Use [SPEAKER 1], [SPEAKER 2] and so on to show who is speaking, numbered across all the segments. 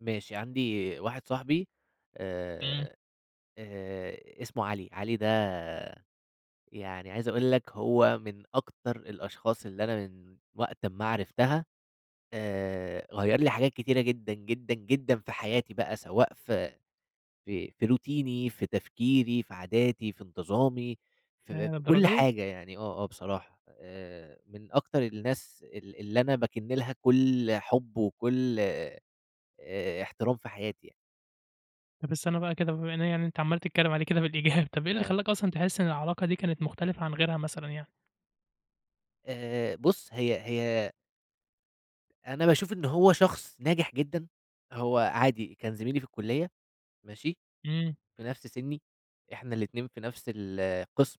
[SPEAKER 1] ماشي. عندي واحد صاحبي
[SPEAKER 2] إمم.
[SPEAKER 1] آآ آآ اسمه علي. علي ده يعني عايز أقول لك هو من أكتر الأشخاص اللي أنا من وقت أما عرفتها آآ غيّر لي حاجات كتيرة جدًا، جدًا، جدًا في حياتي بقى سواء في في في روتيني، في تفكيري، في عاداتي، في انتظامي، ف في
[SPEAKER 2] ياه
[SPEAKER 1] كل
[SPEAKER 2] للدرجة دي؟!
[SPEAKER 1] حاجة يعني آه، آه بصراحة. آآ من أكتر الناس ال اللي أنا باكن لها كل حُب، وكل آآ احترام في حياتي يعني.
[SPEAKER 2] بس أنا بقى كده بما إن أنا يعني أنت عمّال تتكلّم عليه كده بالإيجاب، طب إيه اللي
[SPEAKER 1] آه.
[SPEAKER 2] خلّاك أصلًا تحس إن العلاقة دي كانت مختلفة عن غيرها مثلًا يعني؟
[SPEAKER 1] آآ بُص، هي هي أنا باشوف إن هو شخص ناجح جدًا، هو عادي كان زميلي في الكُلّية ماشي؟
[SPEAKER 2] إمم.
[SPEAKER 1] في نفس سِنّي، إحنا الاتنين في نفس القسم،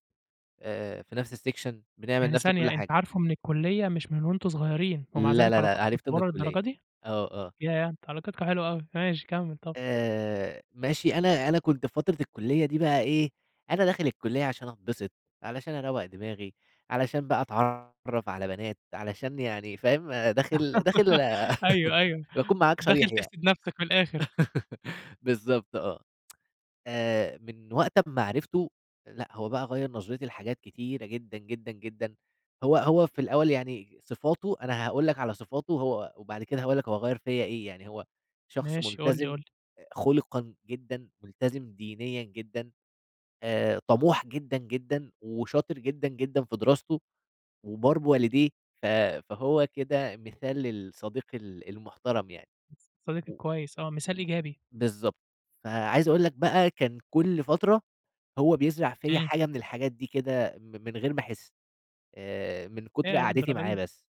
[SPEAKER 1] آآ في نفس السكشن، بنعمل
[SPEAKER 2] يعني
[SPEAKER 1] نفس كل
[SPEAKER 2] ثانية، أنت
[SPEAKER 1] حاجة.
[SPEAKER 2] عارفه من الكُلّية مش من وأنتم صغيرين، ومع
[SPEAKER 1] لا
[SPEAKER 2] ذلك
[SPEAKER 1] لا لأ
[SPEAKER 2] علاقتكم
[SPEAKER 1] عرفته من
[SPEAKER 2] متطوّرة
[SPEAKER 1] الكُلّية.
[SPEAKER 2] للدرجة دي؟
[SPEAKER 1] آه، آه.
[SPEAKER 2] ياه! أنتم علاقتكم حلوة أوي. ماشي، كمّل طبعًا.
[SPEAKER 1] آآ ماشي، أنا أنا كنت في فترة الكُلّية دي بقى إيه، أنا داخل الكُلّية عشان أتبسط، علشان أروّق دماغي، علشان بقى أتعرّف على بنات، علشان يعني فاهم؟ داخل داخل
[SPEAKER 2] أيوه، أيوه.
[SPEAKER 1] باكون معاك
[SPEAKER 2] داخل
[SPEAKER 1] صريح يعني.
[SPEAKER 2] تحسد نفسك من الآخر.
[SPEAKER 1] بالضبط آه. آآ من وقت أمّا عرفته لأ، هو بقى غيّر نظرتي لحاجات كتيرة جدًا، جدًا، جدًا. هو هو في الأول يعني صفاته أنا هاقول لك على صفاته وهو وبعد كده هاقول لك هو غيّر فيّا إيه. يعني هو شخص
[SPEAKER 2] ماشي. قُل لي،
[SPEAKER 1] ملتزم
[SPEAKER 2] قُل لي.
[SPEAKER 1] خلقًا جدًا، ملتزم دينيًا جدًا، آآ طَموح جدًا، جدًا وشاطر جدًا، جدًا في دراسته، وبار بوالديه، ف فهو كده مثال للصديق ال المحترم يعني.
[SPEAKER 2] الصديق
[SPEAKER 1] و
[SPEAKER 2] الكويس آه، مثال
[SPEAKER 1] م
[SPEAKER 2] إيجابي.
[SPEAKER 1] بالضبط. فعايز أقول لك بقى كان كل فترة هو بيزرع فيّا
[SPEAKER 2] إمم.
[SPEAKER 1] حاجة من الحاجات دي كده م من غير ما أحس آآ من كُتر
[SPEAKER 2] ياه للدرجة
[SPEAKER 1] قعدتي معاه
[SPEAKER 2] دي!
[SPEAKER 1] بس.